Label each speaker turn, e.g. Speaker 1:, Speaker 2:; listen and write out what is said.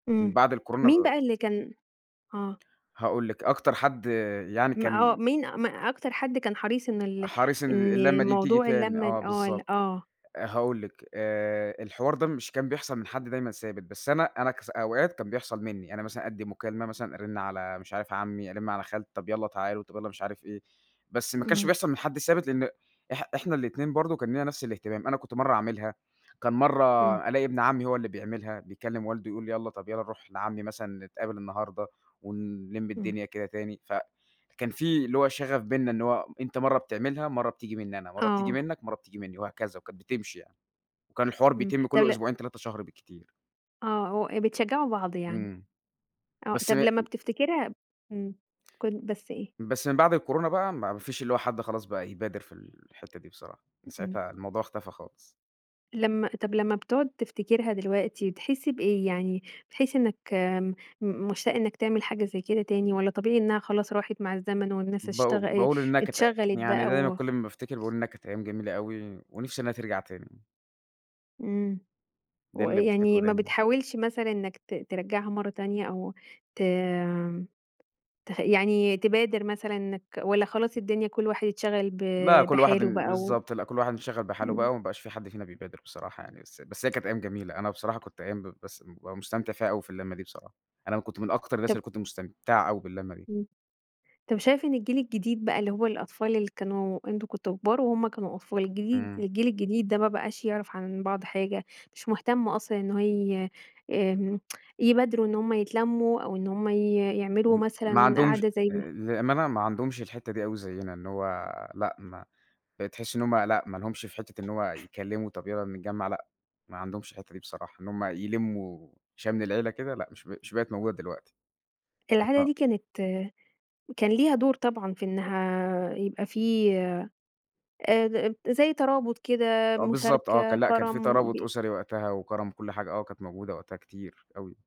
Speaker 1: من
Speaker 2: امم
Speaker 1: بعد الكورونا
Speaker 2: مين
Speaker 1: ب
Speaker 2: بقى اللي كان آه،
Speaker 1: هاقول لِك أكتر حد يعني
Speaker 2: ما آه
Speaker 1: كان
Speaker 2: مين ما أكتر حد كان حريص إن ال
Speaker 1: حريص إن ال
Speaker 2: إن
Speaker 1: اللمة تيجي
Speaker 2: موضوع
Speaker 1: تاني
Speaker 2: اللمة
Speaker 1: آه
Speaker 2: آه ال
Speaker 1: بالضبط.
Speaker 2: آه.
Speaker 1: آآ هاقول لِك، آآ الحوار ده مش كان بيحصل من حد دايمًا ثابت، بس أنا أنا كص أوقات كان بيحصل منِّي، أنا مثلًا أدِّي مكالمة مثلًا، أرن على مش عارف عمي، أرن على خال طب يلّا تعالوا، طب يلّا مش عارف إيه. بس ما كانش
Speaker 2: امم.
Speaker 1: بيحصل من حد ثابت لأن إح إحنا الاتنين برضه كان لينا نفس الاهتمام. أنا كنت مرّة أعملها، كان مرّة
Speaker 2: امم.
Speaker 1: ألاقي ابن عمي هو اللي بيعملها بيكلم والده يقول له يلّا طيب يلّا نروح لعمي مثلًا نتقابل النهاردة، ونلم
Speaker 2: امم.
Speaker 1: الدنيا كده تاني. فكان في اللي هو شغف بيننا إن هو أنتَ مرّة بتعملها، مرّة بتيجي منِّي أنا، مرّة بتيجي
Speaker 2: آه.
Speaker 1: منك، ومرّة بتيجي منِّي وهكذا. وكانت بتمشي يعني. وكان الحوار
Speaker 2: امم،
Speaker 1: بيتم
Speaker 2: طب
Speaker 1: كل
Speaker 2: ل
Speaker 1: أسبوعين 3 شهر بالكتير.
Speaker 2: آه و بتشجعوا بعض يعني.
Speaker 1: امم.
Speaker 2: آه
Speaker 1: بس م
Speaker 2: طب لمّا بتفتكرها امم كن بس إيه؟
Speaker 1: بس من بعد الكورونا بقى ما ما فيش اللي هو حد خلاص بقى يبادر في الحتة دي بصراحة. من
Speaker 2: امم.
Speaker 1: ساعتها الموضوع اختفى خالص.
Speaker 2: لمّا طب لمّا بتقعد تفتكرها دلوقتي تحس بإيه؟ يعني بتحس إنك آمم م مشتاق إنك تعمل حاجة زي كده تاني؟ والّا طبيعي إنها خلاص راحت مع الزمن والناس
Speaker 1: باقو
Speaker 2: اشتغ آآ
Speaker 1: باقول إنها كانت
Speaker 2: اتشغلت
Speaker 1: يعني
Speaker 2: بقى
Speaker 1: دايمًا
Speaker 2: و
Speaker 1: كل ما بافتكر باقول إنها كانت أيام جميلة أوي، ونفسي إنها ترجع تاني.
Speaker 2: امم،
Speaker 1: ده اللي
Speaker 2: ويعني
Speaker 1: بافتكره
Speaker 2: ما
Speaker 1: دايمًا.
Speaker 2: بتحاولش مثلًا إنك ت ترجّعها مَرَّة تانية، أو ت تخ يعني تبادر مثلًا إنك والّا خلاص الدنيا كل واحد اتشغل ب
Speaker 1: لأ، كل واحد
Speaker 2: بحاله
Speaker 1: ب
Speaker 2: بقى و
Speaker 1: بالضبط لأ، كل واحد انشغل بحاله
Speaker 2: امم.
Speaker 1: بقى، وما بقاش في حد فينا بيبادر بصراحة يعني. بس بس هي كانت أيام جميلة. أنا بصراحة كنت أيام ب بس بابقي مستمتع فيها أوي، في اللمة دي بصراحة. أنا كنت من أكتر الناس
Speaker 2: طب
Speaker 1: اللي كنت مستمتع أوي باللمة دي.
Speaker 2: امم. طب شايف إن الجيل الجديد بقى اللي هو الأطفال اللي كانوا أنتم كنتم كبار، وهم كانوا أطفال، الجديد
Speaker 1: امم.
Speaker 2: الجيل الجديد ده ما بقاش يعرف عن بعض حاجة، مش مهتم أصلًا إن هو ي آمم يبادروا إن هم يتلموا، أو إن هم ي يعملوا
Speaker 1: م ما
Speaker 2: مثلًا
Speaker 1: عندهمش
Speaker 2: قعدة زي
Speaker 1: آآ بأمانة ما عندهمش الحتّة دي أوي زينا إن هو لأ، ما بتحسي إن هم لأ، ما لهمش في حتّة إن هو يتكلموا طيب يلّا نتجمع، لأ، ما عندهمش الحتّة دي بصراحة. إن هم يلموا شمل العيلة كده، لأ، مش بق مش بقت موجودة دلوقتي.
Speaker 2: العادة
Speaker 1: [unintelligible]
Speaker 2: دي كانت كان ليها دور طبعًا في إنها يبقى في، آآ، زي ترابط كده
Speaker 1: آه بالضبط آه.
Speaker 2: مشاركة،
Speaker 1: كان لأ، كان في
Speaker 2: كرم
Speaker 1: ترابط
Speaker 2: ب
Speaker 1: أسري وقتها، وكرم وكل حاجة، آه، كانت موجودة وقتها كتير أوي.